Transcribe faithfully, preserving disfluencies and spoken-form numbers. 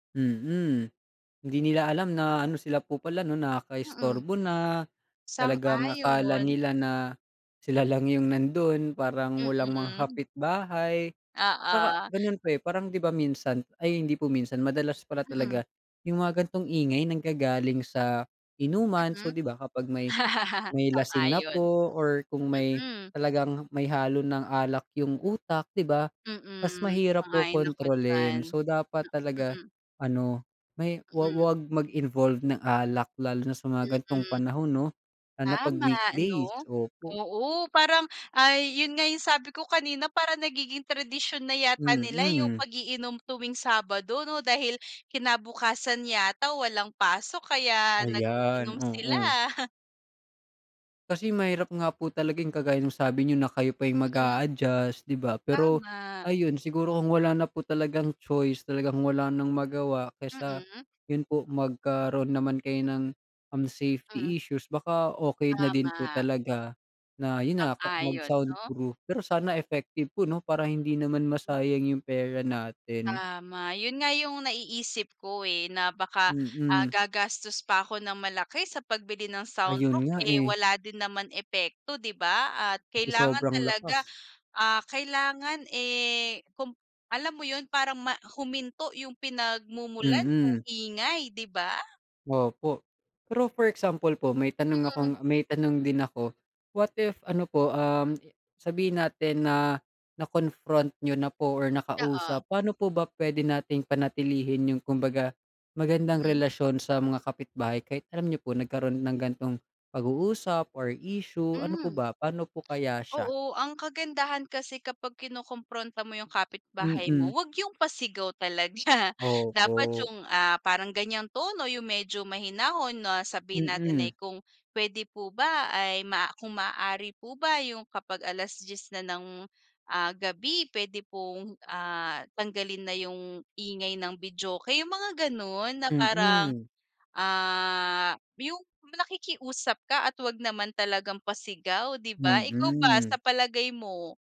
Mm. Hindi nila alam na ano, sila po pala 'no, Mm. nakakaistorbo na. Talagang akala Sang-ayon! nila na sila lang yung nando'n, parang walang mga Mm. kapitbahay. Tsaka Oo. gano'n pa, eh, parang 'di ba minsan ay, hindi po minsan, madalas pala Mm. talaga yung mga ganitong ingay, nanggagaling sa inuman. So, Mm. 'di ba kapag may may lasing na Sang-ayon. po or kung may Mm. talagang may halo ng alak yung utak, 'di ba, mas Mm. mahirap po Sang-ayon ako diyan. kontrolin. So, dapat talaga Mm. ano, may wa Mm. wag mag-involved ng alak lalo na sa mga ganitong Mm. panahon 'no, lalo na 'pag Tama, weekdays. 'no? Opo. Oo, parang ay, yon nga yung sabi ko kanina, parang nagiging tradisyon na yata nila yung Mm. pag-iinom tuwing Sabado 'no, dahil kinabukasan yata walang pasok kaya Ayan, nag-iinom sila. oo. Kasi mahirap nga po talaga yung kagaya nung sabi niyo na kayo pa yung Mm. mag-a-adjust, 'di ba? Pero Tama. ayun, siguro kung wala na po talagang choice, talagang wala nang magawa, kaysa Mm. 'yon po, magkaroon naman kayo ng, um, Hmm. safety issues, baka okey na din po Tama. talaga na yon na, Sang-ayon, 'no? mag-soundproof. Pero sana effective po 'no, para hindi naman Mm. masayang yung pera natin. Tama. Yon nga yung naiisip ko, eh, na baka, ah Mm. gagastos pa ko ng malaki sa pagbili ng Ayun soundproof, nga, eh eh. wala din naman epekto, 'di ba? At Kasi kailangan sobrang talaga, lakas. ah kailangan, eh kung alam mo yon? Parang ma huminto yung pinagmumulan nung Mm. ingay, 'di ba? Opo. Pero, for example po, may tanong akong Mm. may tanong din ako, what if ano po, um, sabihin natin na, na-confront niyo na po, or Oo. nakausap, paano po ba pwede nating panatilihin yung kumbaga magandang Mm. relasyon sa mga kapitbahay kahit alam niyo po, nagkaroon ng ganitong pag-uusap, or issue, ano po Hmm. ba, paano po kaya siya? Oo. Ang kagandahan kasi kapag kinokompronta mo yung kapitbahay mo, Mm. 'wag yung pasigaw talaga, dapat Opo. yung, ah parang ganyang tono, yung medyo mahinahon na sabihin natin ay, Mm. kung "Pwede po ba ay maa kung maaari po ba yung kapag alas-diyes na ng, ah gabi, pwede pong ah, tanggalin na yung ingay ng videoke?" ung mga gano'n, na parang, Mm. ah, yung nakikiusap ka at 'wag naman talagang pasigaw, 'di ba? Ikaw ba Mm. sa palagay mo?